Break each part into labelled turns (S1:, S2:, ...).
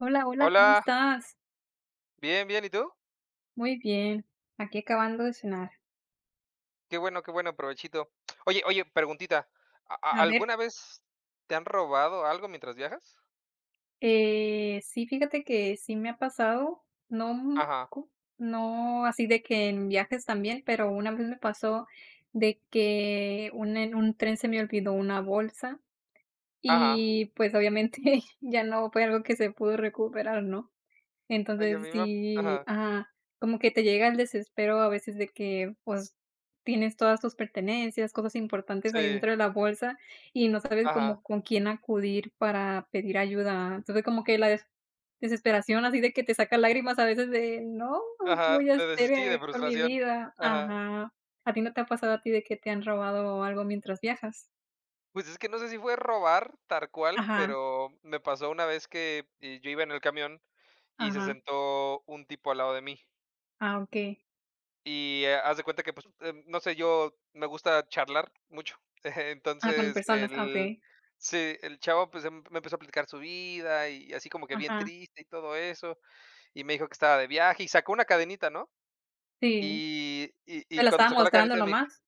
S1: Hola, hola, ¿cómo
S2: Hola.
S1: estás?
S2: Bien, bien, y, ¿tú?
S1: Muy bien, aquí acabando de cenar.
S2: Qué bueno, qué bueno, provechito. Oye, oye, preguntita, ¿a a
S1: A ver.
S2: alguna vez te han robado algo mientras viajas?
S1: Eh, sí, fíjate que sí me ha pasado. No
S2: Ajá.
S1: co no así de que en viajes también, pero una vez me pasó de que, un en un tren se me olvidó una bolsa.
S2: Ajá.
S1: Y, pues, obviamente ya no fue algo que se pudo recuperar, ¿no?
S2: Ay, a
S1: Entonces
S2: mí me ha
S1: sí,
S2: Ajá.
S1: ajá, como que te llega el desespero a veces de que, pues, tienes todas tus pertenencias, cosas importantes ahí
S2: Sí.
S1: dentro de la bolsa, y no sabes
S2: Ajá.
S1: como con quién acudir para pedir ayuda. Entonces, como que la des desesperación, así de que te saca lágrimas a veces de: "No, ¿qué
S2: Ajá,
S1: voy a
S2: de
S1: hacer
S2: desistir, de
S1: con mi
S2: frustración,
S1: vida?".
S2: ajá.
S1: Ajá, ¿a ti no te ha pasado a ti de que te han robado algo mientras viajas?
S2: Pues, es que no sé si fue robar, tar cual,
S1: Ajá.
S2: pero, me pasó una vez que, yo iba en el camión y se
S1: Ajá.
S2: sentó un tipo al lado de mí
S1: Ah, okey.
S2: Y, eh, haz de cuenta que, pues, eh, no sé, yo me gusta charlar mucho.
S1: Ah, con
S2: Entonces,
S1: personas, ah,
S2: el,
S1: okey.
S2: sí, el chavo, pues, emp me empezó a explicar su vida y así como que bien
S1: Ajá.
S2: triste y todo eso, y me dijo que estaba de viaje, y sacó una cadenita, ¿no?
S1: Sí,
S2: Y y
S1: ¿te
S2: y
S1: la
S2: cuando
S1: estaba
S2: sacó la
S1: mostrando
S2: cadenita,
S1: nada
S2: me
S1: más?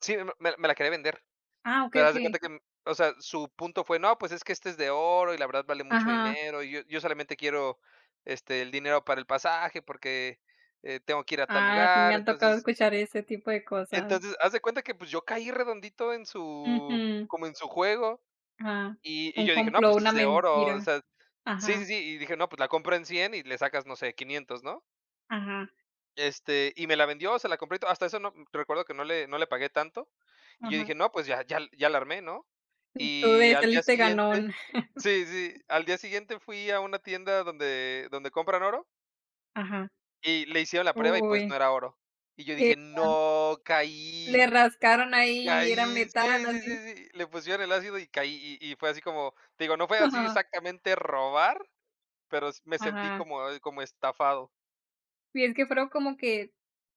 S2: Sí, me me la me la quería vender,
S1: Ah, okey,
S2: pero haz de
S1: okey.
S2: cuenta que, o sea, su punto fue, no, pues, es que esta es de oro, y la verdad vale mucho
S1: Ajá.
S2: dinero, y yo yo solamente quiero, este, el dinero para el pasaje, porque, eh, tengo que ir a tal
S1: Ah, sí, me
S2: lugar.
S1: ha tocado
S2: Entonces
S1: escuchar ese tipo de cosas.
S2: Entonces, haz de cuenta que, pues, yo caí redondito en su,
S1: Ujú.
S2: como en su juego,
S1: Ah,
S2: y y
S1: un
S2: yo dije, no,
S1: complot,
S2: pues,
S1: una
S2: es de oro, o
S1: mentira.
S2: sea sí, sí,
S1: Ajá.
S2: sí, y dije, no, pues, la compro en 100 y le sacas, no sé, 500, ¿no?
S1: Ajá.
S2: Este, y me la vendió, se la compré y todo. Hasta eso no, recuerdo que no le no le pagué tanto. Y yo
S1: Ajá.
S2: dije, no, pues, ya ya ya la armé, ¿no?
S1: Tú tú
S2: Y
S1: de,
S2: al día
S1: saliste
S2: siguiente
S1: ganón.
S2: sí, sí, al día siguiente fui a una tienda donde donde compran oro
S1: Ajá.
S2: y le hicieron la prueba, y, pues,
S1: Uy.
S2: no era oro. Y yo dije:
S1: [unintelligible]
S2: "No, caí"
S1: Le rascaron ahí y era
S2: Caí,
S1: metal,
S2: sí, sí,
S1: así.
S2: sí, sí, le pusieron el ácido y caí, y y fue así como, te digo, no fue así
S1: Ajá.
S2: exactamente robar, pero me sentí
S1: Ajá.
S2: como como estafado.
S1: Y es que, fueron como que,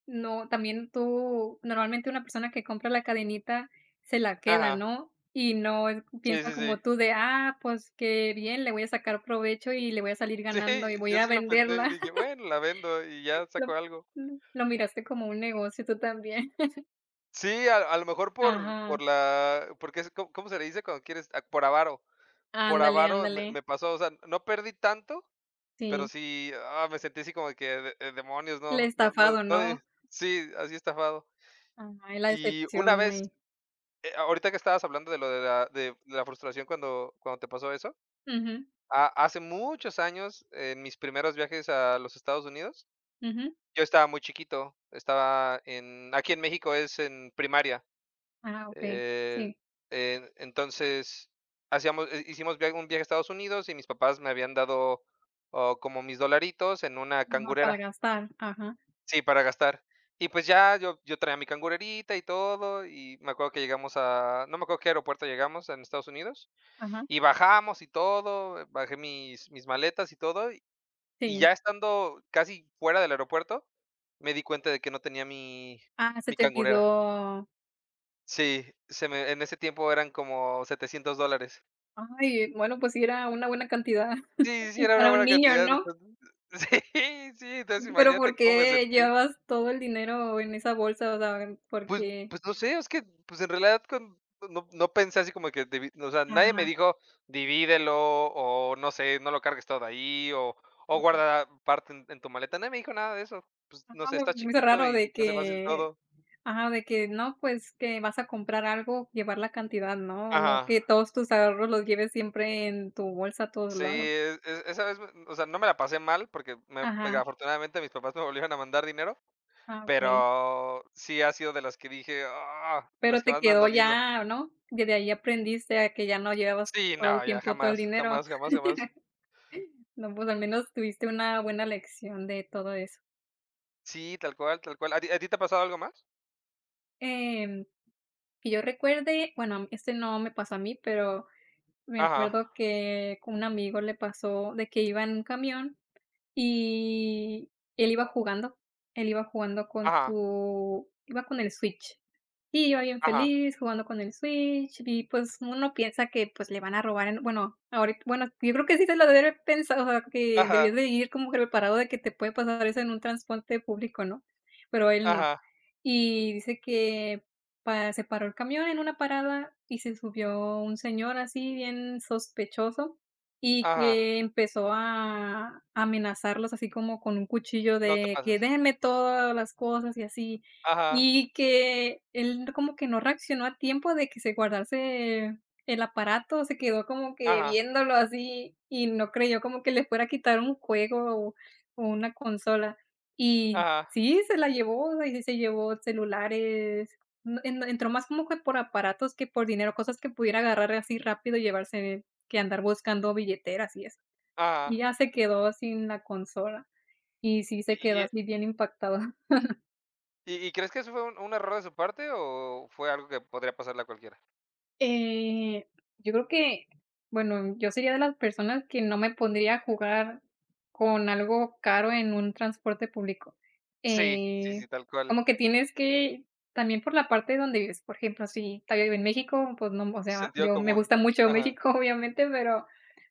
S1: no, también tú normalmente una persona que compra la cadenita se la queda,
S2: Ajá.
S1: ¿no?, y no es
S2: Sí,
S1: piensa
S2: sí, sí.
S1: como tú de: "Ah, pues, qué bien, le voy a sacar provecho, y le voy a salir
S2: Sí,
S1: ganando, y voy
S2: yo
S1: a
S2: sí lo
S1: venderla",
S2: pensé, dije: "Bueno, la vendo, y ya saco
S1: lo
S2: algo".
S1: lo miraste como un negocio tú también.
S2: Sí, a a lo mejor, por
S1: Ajá.
S2: por la porque es, ¿co cómo se le dice cuando quieres?, por avaro, por
S1: Ándale,
S2: avaro me
S1: ándale.
S2: me pasó, o sea, no perdí tanto, pero
S1: Sí.
S2: sí, ah, me sentí así como que de: "Eh, demonios",
S1: El
S2: no no no
S1: estafado,
S2: no
S1: ¿no?
S2: de Sí, así estafado.
S1: Ah, es la
S2: Y una
S1: excepción
S2: vez,
S1: ahí.
S2: eh, ahorita que estabas hablando de lo de la de de la frustración, cuando cuando te pasó eso,
S1: Ujú.
S2: ha hace muchos años, en mis primeros viajes a los Estados Unidos,
S1: Ujú.
S2: yo estaba muy chiquito, estaba en aquí en México es en primaria,
S1: Ah, okey,
S2: eh,
S1: sí.
S2: e entonces, hacíamos hi hicimos viaj un viaje a Estados Unidos y mis papás me habían dado, oh, como mis dolaritos en una
S1: Ajá, para
S2: cangurera.
S1: gastar, ajá.
S2: Sí, para gastar, y, pues, ya, yo yo traía mi cangurerita y todo, y me acuerdo que llegamos a no me acuerdo qué aeropuerto llegamos en Estados Unidos,
S1: Ajá.
S2: y bajamos y todo, bajé mis mis maletas y todo, y
S1: Sí.
S2: ya estando casi fuera del aeropuerto, me di cuenta de que no tenía mi
S1: Ah, se
S2: mi
S1: te
S2: cangurera.
S1: olvidó.
S2: Sí, se me en ese tiempo eran como $700 dólares.
S1: Ay, bueno, pues, sí era una buena cantidad
S2: Sí, sí
S1: y
S2: era una
S1: para un
S2: buena
S1: niño,
S2: cantidad,
S1: ¿no?
S2: entonces, sí, sí, entonces
S1: Pero, ¿por
S2: imagínate cómo me
S1: qué
S2: sentí.
S1: llevabas todo el dinero en esa bolsa, o sea, por
S2: Pues
S1: qué?
S2: pues, no sé, es que, pues, en realidad cuan no no pensé así como que divi o sea, nadie me
S1: Ajá.
S2: dijo: "Divídelo", o, no sé, "No lo cargues todo ahí", o o,
S1: Ajá.
S2: "Guarda parte en en tu maleta", nadie me dijo nada de eso, pues, no
S1: Ajá,
S2: sé, estaba
S1: [unintelligible] se me hizo
S2: chiquito
S1: raro
S2: y
S1: de
S2: se te hace fácil
S1: que
S2: todo.
S1: Ajá, de que no, pues, que vas a comprar algo, llevar la cantidad, ¿no?, no
S2: Ajá.
S1: que todos tus ahorros los lleves siempre en tu bolsa a todos
S2: Sí,
S1: lados.
S2: e e esa vez, o sea, no me la pasé mal porque me porque
S1: Ajá.
S2: afortunadamente, mis papás me volvieron a mandar dinero,
S1: Ah, okey.
S2: pero, sí ha sido de las que dije: "¡Ah!",
S1: Pero
S2: las que
S1: te
S2: más me han
S1: quedó
S2: dolido.
S1: ya, ¿no?, desde ahí aprendiste a que ya no llevabas
S2: Sí,
S1: todo
S2: no,
S1: el
S2: ya
S1: tiempo todo el
S2: jamás,
S1: dinero,
S2: jamás, jamás, jamás.
S1: no pues, al menos tuviste una buena lección de todo eso.
S2: Sí, tal cual, tal cual. ¿A ti a ti te ha pasado algo más?
S1: Em, que yo recuerde, bueno, este, no me pasó a mí, pero me
S2: Ajá.
S1: acuerdo que con un amigo le pasó, de que iba en un camión, y él iba jugando él iba jugando con
S2: Ajá.
S1: su iba con el Switch, iba bien
S2: Ajá.
S1: feliz jugando con el Switch y, pues, uno piensa que, pues, le van a robar en bueno, ahorita bueno, yo creo que sí se lo debió de haber pensado, a que debió
S2: Ajá.
S1: de ir como que preparado de que te puede pasar eso en un transporte público, ¿no? Pero él no.
S2: Ajá.
S1: Y dice que, pa se paró el camión en una parada y se subió un señor así bien sospechoso, y
S2: Ajá.
S1: que empezó a amenazarlos así como con un cuchillo
S2: No te
S1: de: "Que
S2: pases.
S1: denme todas las cosas", y así.
S2: Ajá.
S1: Y que él como que no reaccionó a tiempo de que se guardase el aparato, se quedó como que
S2: Ajá.
S1: viéndolo así y no creyó como que le fuera a quitar un juego o o una consola. Y
S2: Ajá.
S1: sí, se la llevó, ahí sí se llevó celulares, en en entró más como que por aparatos que por dinero, cosas que pudiera agarrar así rápido y llevarse de que andar buscando billeteras y eso.
S2: Ajá.
S1: Y ya se quedó sin la consola, y sí se
S2: Y,
S1: quedó
S2: y, eh
S1: así bien impactado.
S2: Y y, ¿crees que eso fue un un error de su parte o fue algo que podría pasarle a cualquiera?
S1: Eh, yo creo que, bueno, yo sería de las personas que no me pondría a jugar con algo caro, en un transporte público,
S2: Sí, sí,
S1: eh,
S2: sí, tal cual.
S1: como que tienes que, también por la parte donde vives, por ejemplo, si todavía vive en México, pues, no, o sea,
S2: Sentido
S1: yo me
S2: común.
S1: gusta mucho
S2: Ajá.
S1: México, obviamente, pero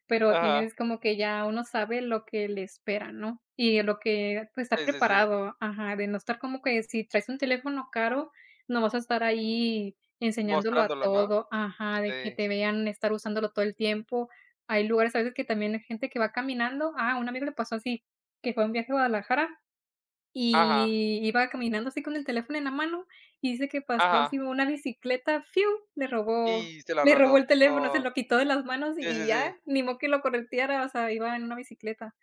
S1: pero
S2: Ajá.
S1: tienes como que ya uno sabe lo que le espera, ¿no? Y lo que, pues, estar
S2: Sí, sí, sí.
S1: preparado ajá, de no estar como que si traes un teléfono caro, no vas a estar ahí enseñándolo a
S2: Mostrándolo, ¿no?
S1: todo ajá, de que
S2: Sí.
S1: te vean estar usándolo todo el tiempo. Hay lugares, a veces, que también hay gente que va caminando a un amigo le pasó así, que fue un viaje a Guadalajara
S2: Ajá.
S1: y iba caminando así, con el teléfono en la mano, y dice que pasó
S2: Ajá.
S1: así, una bicicleta, fiu le robó
S2: Y se la
S1: le robó
S2: rató,
S1: el teléfono, se
S2: no.
S1: lo quitó de las manos
S2: Sí, sí,
S1: y ya,
S2: sí.
S1: ni modo que lo correteara, o sea, iba en una bicicleta.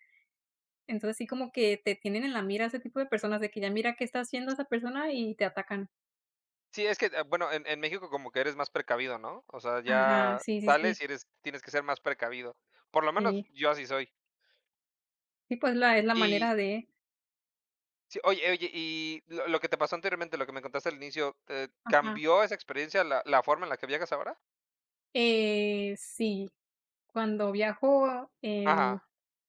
S1: Entonces, sí como que te tienen en la mira, ese tipo de personas, de que ya mira qué está haciendo
S2: S
S1: esa persona y te atacan.
S2: Sí, es que, eh, bueno, en en México como que eres más precavido, ¿no? O sea,
S1: Ajá.
S2: ya
S1: Sí, sí, sí.
S2: sales y eres, tienes que ser más precavido. Por lo menos,
S1: Sí.
S2: yo así soy.
S1: Sí, pues, la es la
S2: Y
S1: manera de
S2: Sí, oye oye, y lo lo que te pasó anteriormente, lo que me contaste al inicio, eh,
S1: Ajá.
S2: ¿cambió esa experiencia la la forma en la que viajas ahora?
S1: Eh, si cuando viajo en
S2: Ajá.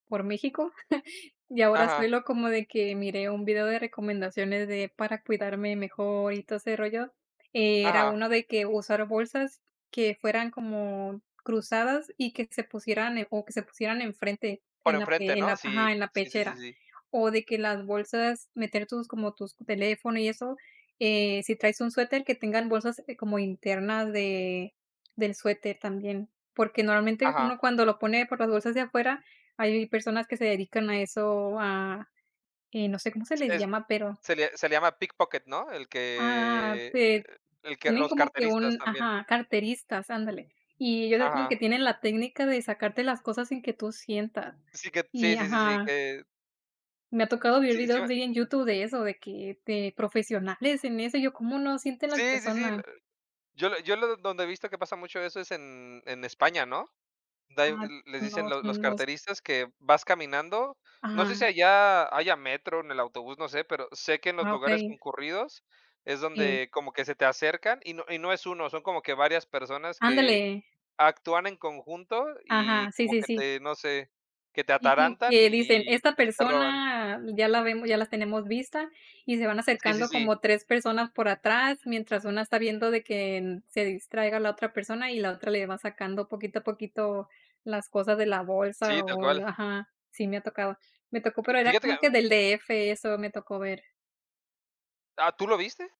S1: por México, ya ahora
S2: Ajá.
S1: suelo como de que, miré un video de recomendaciones de para cuidarme mejor, y todo ese rollo. Eh, era
S2: Ajá.
S1: uno de que usar bolsas que fueran como cruzadas y que se pusieran o que se pusieran enfrente
S2: Por
S1: en la
S2: enfrente,
S1: en
S2: ¿no?
S1: la
S2: Sí,
S1: ajá, en la
S2: sí, sí, sí,
S1: pechera
S2: sí.
S1: o de que las bolsas meter tus como tus teléfono y eso, eh, si traes un suéter tenga bolsas, eh, como interna de del suéter también. Porque normalmente uno
S2: Ajá.
S1: cuando lo pone por las bolsas de afuera hay personas que se dedican a eso, a, eh, no se como se
S2: Se
S1: les
S2: es
S1: llama pero
S2: se le se le llama pickpocket, ¿no? El
S1: Ah
S2: que,
S1: te,
S2: el que
S1: tienen
S2: los
S1: como que
S2: carteristas
S1: un,
S2: también.
S1: ajá, carteristas, ándale. Y ellos hacen como
S2: Ajá.
S1: que tienen la técnica de sacarte las cosas sin que tú sientas.
S2: Sí, que,
S1: Y,
S2: sí, sí, sí, sí
S1: ajá
S2: que
S1: Me ha tocado ver
S2: Sí, sí,
S1: videos
S2: me
S1: de ahí en YouTube de eso, de que, de profesionales en eso. Y yo, ¿cómo no sienten las
S2: Sí, sí, sí, lo.
S1: personas?
S2: Yo lo yo lo donde he visto que pasa mucho eso es en en España, ¿no? Da y
S1: Ah,
S2: el, les dicen
S1: no
S2: los
S1: sé,
S2: los
S1: no sé.
S2: carteristas que vas caminando, no sé si
S1: Ajá.
S2: allá haya metro en el autobús, no sé, pero sé que en los
S1: Ah,
S2: lugares
S1: okey.
S2: concurridos es
S1: Sí.
S2: donde como que se te acercan, y no y no es 1, son como que varias personas que
S1: Ándale.
S2: actúan en conjunto y
S1: Ajá, sí,
S2: como
S1: sí,
S2: que
S1: sí.
S2: te, no sé, que te
S1: Sí, como
S2: atarantan
S1: que dicen,
S2: y
S1: esta
S2: y te roban.
S1: persona ya la vem ya las tenemos vista, y se van
S2: Sí, sí,
S1: acercando
S2: sí.
S1: como 3 personas por atrás, mientras una está viendo de que en se distraiga la otra persona y la otra le va sacando poquito a poquito las cosas de la
S2: Sí,
S1: bolsa
S2: tal
S1: o
S2: cual.
S1: la ajá, sí me ha tocado. Me tocó,
S2: Fi
S1: pero era
S2: fíjate que
S1: como que del de efe eso me tocó ver.
S2: Ah, ¿tú lo viste?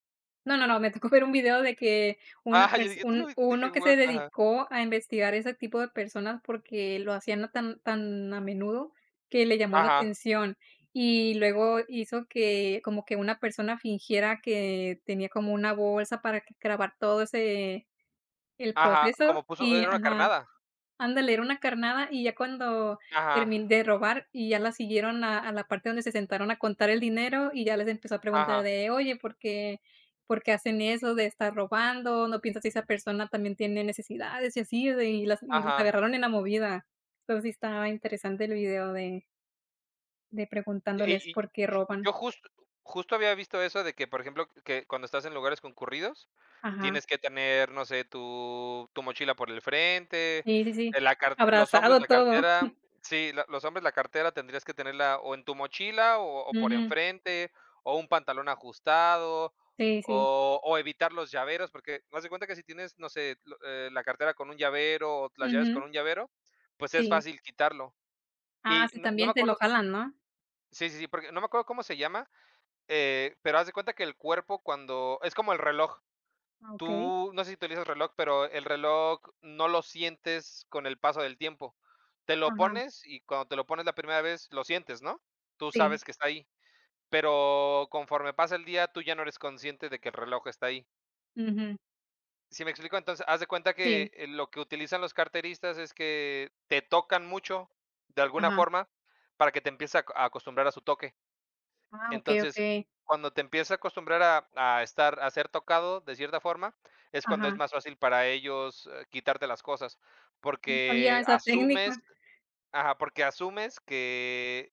S1: No, no, no, me tocó ver un video de que, una
S2: Ajá, yo
S1: perso
S2: dije: "Tú lo
S1: un
S2: vi".
S1: uno
S2: Dije:
S1: que se
S2: "Wao". Ajá.
S1: dedicó a investigar ese tipo de personas porque lo hacían tan tan a menudo, que le llamó la
S2: Ajá.
S1: atención. Y luego hizo que, como que una persona fingiera que, tenía como una bolsa para grabar todo ese el
S2: Ajá,
S1: proceso
S2: como puso e
S1: y
S2: era una
S1: Ajá,
S2: carnada.
S1: ándale era una carnada y ya cuando,
S2: Ajá.
S1: termin de robar y ya la siguieron a a la parte donde se sentaron a contar el dinero y ya les empezó a preguntar
S2: Ajá.
S1: de: "Oye, ¿por qué? ¿Por qué hacen eso de estar robando? ¿No piensas si esa persona también tiene necesidades?". Y así de y las y las
S2: Ajá.
S1: agarraron en la movida. Entonces sí estaba interesante el video de de
S2: Y
S1: preguntándoles
S2: y
S1: por qué
S2: y
S1: roban.
S2: yo justo justo había visto eso de que, por ejemplo, que, cuando estás en lugares concurridos,
S1: Ajá.
S2: tienes que tener, no sé, tu, tu mochila por el frente,
S1: Sí, sí, sí.
S2: la carte los hombres,
S1: Abrazado,
S2: la
S1: todo.
S2: cartera. Sí, lo los hombres, la cartera tendrías que tenerla o en tu mochila o o por
S1: Ujú.
S2: enfrente, o un pantalón ajustado,
S1: Sí, sí.
S2: o o evitar los llaveros, porque, haz de cuenta que si tienes, no sé, lo eh, la cartera con un llavero o las llaves con
S1: Ujú.
S2: un llavero, pues, es
S1: Sí.
S2: fácil quitarlo.
S1: Ah
S2: Y
S1: sí,
S2: no no me
S1: también te lo
S2: acuerdo
S1: jalan, ¿no?
S2: Sí, sí, sí, porque, no me acuerdo cómo se llama, eh, pero haz de cuenta que el cuerpo cuando, es como el reloj.
S1: Ah, okey.
S2: Tú, no sé si utilizas el reloj, pero el reloj no lo sientes con el paso del tiempo. Te lo
S1: Ajá.
S2: pones y cuando te lo pones la primera vez, lo sientes, ¿no? Tú
S1: Sí.
S2: sabes que está ahí, pero, conforme pasa el día, tú ya no eres consciente de que el reloj está ahí.
S1: Ujú.
S2: ¿Si me explico? Entonces, haz de cuenta
S1: Sí.
S2: que lo que utilizan los carteristas es que, te tocan mucho, de alguna
S1: Ajá.
S2: forma, para que te empieces a acostumbrar a su toque.
S1: Ah, okey,
S2: Entonces,
S1: okey.
S2: cuando te empiezas a acostumbrar a a estar a ser tocado, de cierta forma, es cuando es
S1: Ajá.
S2: más fácil para ellos, eh, quitarte las cosas,
S1: Yo no sabía
S2: porque
S1: esa técnica.
S2: asumes ajá, porque asumes que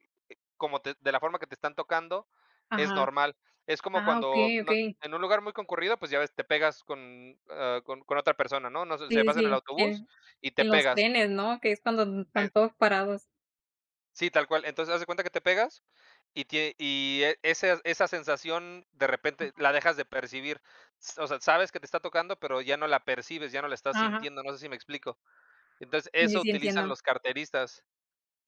S2: como te de la forma que te están tocando, es
S1: Ajá.
S2: normal. Es como
S1: Ah,
S2: cuando
S1: okey,
S2: no
S1: okey.
S2: en un lugar muy concurrido, pues, ya ves, te pegas con, ah, con con otra persona, ¿no?, no sé, o sea,
S1: Sí,
S2: vas en el
S1: sí, que
S2: autobús y te
S1: en los
S2: pegas.
S1: trenes, ¿no?, que es cuando
S2: Ay.
S1: van todos parados.
S2: Sí, tal cual. Entonces, haz de cuenta que te pegas y tie y, eh, ese esa sensación, de repente,
S1: Ajá.
S2: la dejas de percibir. S o sea, sabes que te está tocando, pero ya no la percibes, ya no la estás
S1: Ajá.
S2: sintiendo, no sé si me explico. Entonces,
S1: Sí, sí,
S2: eso
S1: sí,
S2: utilizan
S1: entiendo.
S2: los carteristas.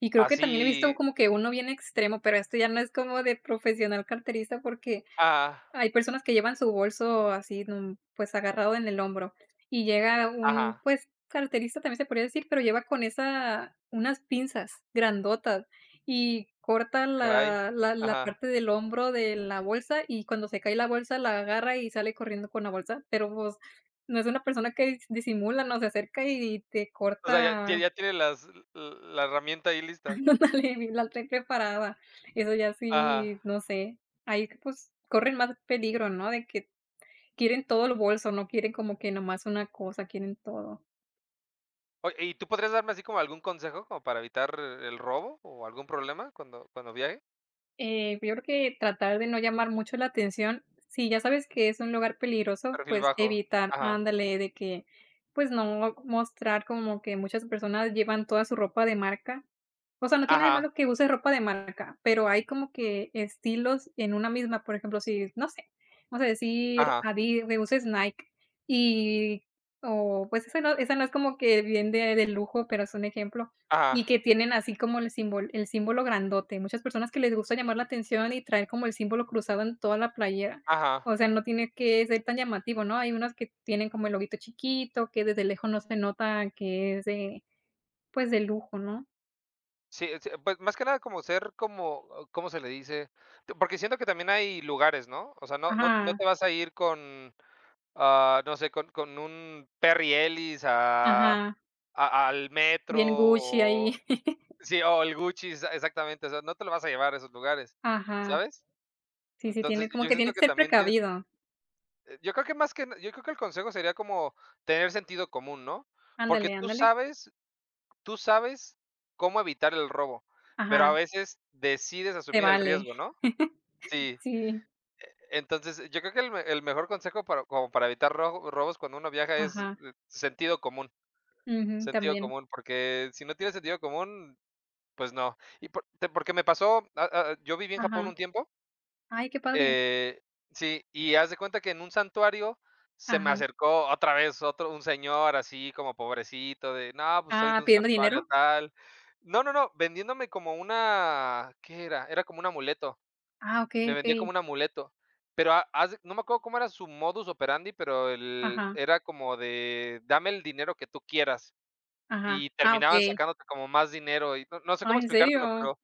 S1: Y creo que, también he visto
S2: Así
S1: como que uno bien extremo, pero esto ya no es como de profesional carterista, porque
S2: Ajá.
S1: hay personas que llevan su bolso así, de un, pues, agarrado, en el hombro, y llega un,
S2: Ajá.
S1: pues, carterista, también se podría decir, pero lleva con esa, unas pinzas, grandotas y corta
S2: Ah, caray.
S1: la la la
S2: Ajá.
S1: parte del hombro de la bolsa, y cuando se cae la bolsa, la agarra y sale corriendo con la bolsa, pero pues, no es una persona que dis disimula, no, se acerca y te
S2: O sea, ¿ya ya
S1: corta
S2: ya tiene las l la herramienta ahí lista?
S1: Ándale, la traen preparada. Eso ya
S2: Ajá.
S1: sí, no sé, ahí, pues, corren más peligro, ¿no?, de que quieren todo el bolso, no quieren como que nada más una cosa, quieren todo.
S2: Oye, y, ¿tú podrías darme, así como algún consejo como para evitar el robo o algún problema cuando cuando viaje?
S1: Eh, pues yo creo que, tratar de no llamar mucho la atención, si ya sabes que es un lugar peligroso,
S2: Perfil
S1: pues
S2: bajo.
S1: evitar
S2: Ajá.
S1: andale, de que, pues no mostrar como que muchas personas llevan toda su ropa de marca. O sea, no tiene de
S2: Ajá.
S1: malo que use ropa de marca, pero hay como que, estilos en una misma, por ejemplo, si, no sé, vamos a decir,
S2: Ajá.
S1: adi de uses Nike y, o pues, esa no esa no es como que bien de de lujo, pero es un ejemplo,
S2: Ajá.
S1: y que tienen así como el simbol el símbolo grandote. Muchas personas que les gusta llamar la atención y traer como el símbolo cruzado en toda la playera,
S2: Ajá.
S1: o sea, no tiene que ser tan llamativo, ¿no? Hay unas que tienen como el loguito chiquito, que desde lejos no se nota que es de, pues, de lujo, ¿no?
S2: Sí, eh, sí, pues, más que nada, como ser como, ¿cómo se le dice? Eh, porque siento que también hay lugares, ¿no? O sea, no no no
S1: Ajá.
S2: te vas a ir con, ah no sé, con con un Perry Ellis a,
S1: Ajá.
S2: a al metro,
S1: Bien Gucci ahí.
S2: o, sí, o el Gucci, exa exactamente, o sea, no te lo vas a llevar a esos lugares,
S1: Ajá.
S2: ¿sabes?
S1: Sí, sí,
S2: Entonces,
S1: tiene como
S2: yo
S1: que tiene
S2: siento
S1: que
S2: que
S1: ser
S2: también tienes
S1: precavido.
S2: eh, yo creo que más que na yo creo que el consejo sería como, tener sentido común, ¿no? Porque
S1: Ándale,
S2: tú
S1: ándale.
S2: sabes, tú sabes, cómo evitar el robo, pero a
S1: Ajá
S2: veces decides
S1: Te
S2: asumir el
S1: vale.
S2: riesgo, ¿no? Sí.
S1: Sí.
S2: E entonces, yo creo que el el mejor consejo para como para evitar rog robos cuando uno viaja es,
S1: Ajá.
S2: eh, sentido común,
S1: Ujú,
S2: sentido
S1: también.
S2: común, porque si no tienes sentido común, pues no. Y por, te porque me pasó, ah ah, yo viví en Japón
S1: Ajá.
S2: un tiempo
S1: Ay, qué padre.
S2: eh sí, y haz de cuenta que en un santuario se me
S1: Ajá.
S2: acercó otra vez, otro un señor así como pobrecito de: "No, pues soy de
S1: Ah,
S2: un
S1: ¿pidiendo
S2: santuario
S1: dinero?
S2: tal". No, no, no, vendiéndome como una, ¿qué era? Era como un amuleto.
S1: Ah, okey,
S2: Me vendía como
S1: okey.
S2: un amuleto, pero a haz de no me acuerdo cómo era su modus operandi, pero el,
S1: Ajá.
S2: era como de dame el dinero que tú quieras,
S1: Ajá.
S2: y
S1: Ah,
S2: terminaban
S1: okey.
S2: sacándote como más dinero y no no sé cómo
S1: Ay, ¿en
S2: explicártelo,
S1: serio?
S2: pero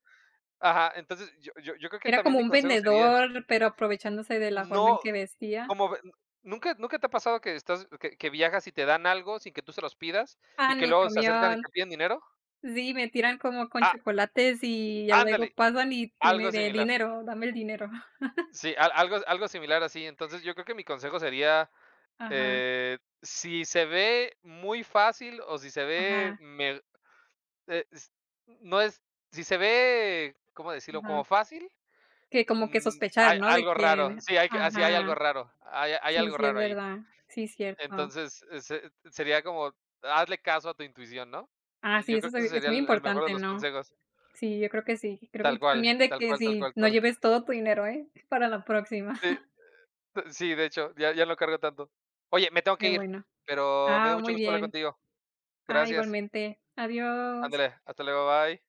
S2: ajá, entonces, yo yo yo creo que
S1: Era
S2: también
S1: como
S2: mi
S1: un
S2: consejo sería
S1: vendedor, pero aprovechándose de la forma en
S2: no,
S1: que vestía.
S2: como de ¿n nunca nunca te ha pasado que estás, que que viajas y te dan algo sin que tú se los pidas,
S1: Ah,
S2: y
S1: en
S2: que
S1: el
S2: luego se acercan y te
S1: camión.
S2: piden dinero?
S1: Sí, me tiran como con
S2: Ah
S1: chocolates y ya luego
S2: Ándale,
S1: pasan y
S2: algo
S1: tiene de:
S2: similar.
S1: "Dinero, dame el dinero".
S2: Sí, al algo, algo similar así, entonces, yo creo que mi consejo sería,
S1: Ajá.
S2: eh, si se ve muy fácil o si se ve,
S1: Ajá.
S2: me eh, s no es, si se ve, ¿cómo decirlo?
S1: Ajá.
S2: Como fácil,
S1: Que como que
S2: mm,
S1: sospechar,
S2: hay
S1: ¿no? De
S2: algo raro.
S1: quien
S2: Sí, hay que así hay algo
S1: Ajá.
S2: raro, hay hay
S1: Sí,
S2: algo
S1: sí es
S2: raro ahí.
S1: verdad, sí es cierto.
S2: Entonces, eh, se sería como, hazle caso a tu intuición, ¿no?
S1: Ah, sí,
S2: Yo
S1: eso
S2: creo
S1: es
S2: que ese
S1: obvio, es
S2: sería
S1: muy
S2: el el mejor de
S1: importante,
S2: los
S1: ¿no?
S2: consejos.
S1: Sí, yo creo que sí. Creo
S2: Tal
S1: y
S2: cual,
S1: también de
S2: tal
S1: que
S2: cual, tal
S1: si,
S2: cual,
S1: no
S2: cual.
S1: lleves todo tu dinero ¿eh? Para la próxima.
S2: Sí, eh, de hecho, ya ya no carga tanto. Oye, me tengo que
S1: Qué
S2: ir,
S1: bueno.
S2: pero, me dio
S1: Ah,
S2: mucho
S1: muy
S2: gusto hablar
S1: bien.
S2: contigo.
S1: Ah,
S2: Gracias.
S1: igualmente. Adiós.
S2: Ándale, hasta luego, bye.